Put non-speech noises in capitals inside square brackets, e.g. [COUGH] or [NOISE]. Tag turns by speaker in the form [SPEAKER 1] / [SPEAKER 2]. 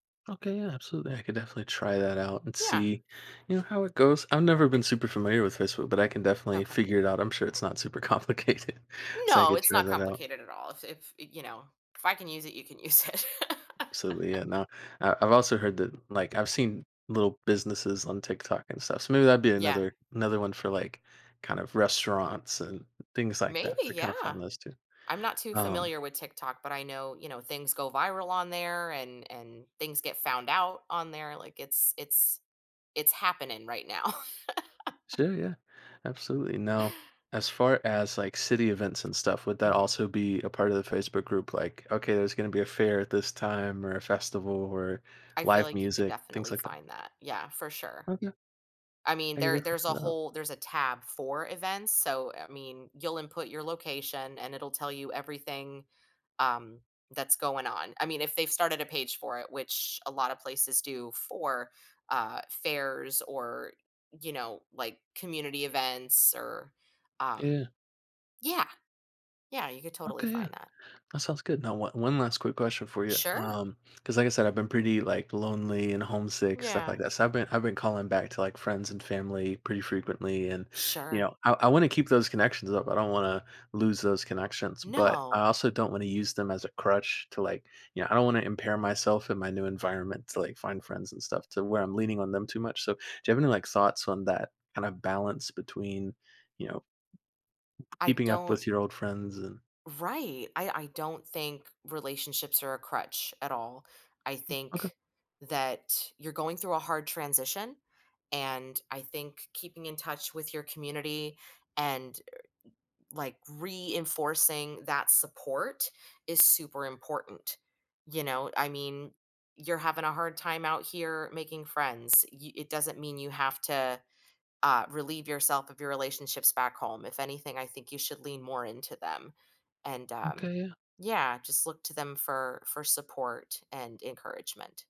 [SPEAKER 1] Okay, yeah, absolutely, I could definitely try that out and
[SPEAKER 2] Yeah.
[SPEAKER 1] see, you know, how it goes. I've never been super familiar with Facebook, but I can definitely
[SPEAKER 2] Okay.
[SPEAKER 1] figure it out. I'm sure it's not super complicated, so I
[SPEAKER 2] No,
[SPEAKER 1] could
[SPEAKER 2] it's
[SPEAKER 1] try
[SPEAKER 2] not
[SPEAKER 1] that out.
[SPEAKER 2] complicated at all. If if, you know, if I can use it, you can use it.
[SPEAKER 1] So, yeah,
[SPEAKER 2] [CHUCKLES]
[SPEAKER 1] no. Uh, I've also heard that, like I've seen little businesses on TikTok and stuff, so, maybe that'd be
[SPEAKER 2] Yeah.
[SPEAKER 1] another another one for, like, kind of restaurants and things like that
[SPEAKER 2] Maybe,
[SPEAKER 1] to kind of
[SPEAKER 2] yeah.
[SPEAKER 1] find those too.
[SPEAKER 2] I'm not too
[SPEAKER 1] Um
[SPEAKER 2] familiar with TikTok, but I know, you know, things go viral on there and and things get found out on there. Like, it's it's it's happening right now. [CHUCKLES]
[SPEAKER 1] Sure, yeah, absolutely. Now, as far as, like, city events and stuff, would that
[SPEAKER 2] Mhm.
[SPEAKER 1] also be a part of the Facebook group? Like, "Okay, there's gonna be a fair at this time or a festival or
[SPEAKER 2] I feel
[SPEAKER 1] live
[SPEAKER 2] like you could
[SPEAKER 1] music." things
[SPEAKER 2] definitely
[SPEAKER 1] like that?
[SPEAKER 2] find that, yeah, for sure.
[SPEAKER 1] Oh, yeah.
[SPEAKER 2] I mean,
[SPEAKER 1] I can
[SPEAKER 2] there
[SPEAKER 1] definitely
[SPEAKER 2] there's a
[SPEAKER 1] figure that out.
[SPEAKER 2] whole there's a tab for events, so, I mean, you'll input your location and it'll tell you everything, um, that's going on. I mean, if they've started a page for it, which a lot of places do for, uh, fairs or, you know, like community events or, um
[SPEAKER 1] Yeah.
[SPEAKER 2] Yeah. Yeah, you could totally
[SPEAKER 1] Okay, yeah.
[SPEAKER 2] find that.
[SPEAKER 1] That sounds good. Now, o one last quick question for you,
[SPEAKER 2] Sure.
[SPEAKER 1] um 'cause, like I said, I've been pretty, like, lonely and homesick, stuff like
[SPEAKER 2] Yeah.
[SPEAKER 1] that. So, I've been I've been calling back to, like, friends and family pretty frequently, and, you
[SPEAKER 2] Sure.
[SPEAKER 1] know, I I wanna keep those connections up, I don't wanna lose those connections, but I
[SPEAKER 2] No.
[SPEAKER 1] also don't wanna use them as a crutch to, like, you know, I don't wanna impair myself in my new environment to, like, find friends and stuff to where I'm leaning on them too much. So, do you have any, like, thoughts on that kind of balance between, you know,
[SPEAKER 2] I
[SPEAKER 1] keeping up
[SPEAKER 2] don't
[SPEAKER 1] with your old friends and
[SPEAKER 2] Right, I I don't think relationships are a crutch at all. I
[SPEAKER 1] Hm.
[SPEAKER 2] think
[SPEAKER 1] Okay.
[SPEAKER 2] that you're going through a hard transition and I think keeping in touch with your community and, er, like, reinforcing that support is super important. You know, I mean, you're having a hard time out here making friends, y it doesn't mean you have to, uh, relieve yourself of your relationships back home. If anything, I think you should lean more into them, and,
[SPEAKER 1] Okay,
[SPEAKER 2] um,
[SPEAKER 1] yeah.
[SPEAKER 2] yeah, just look to them for for support and encouragement.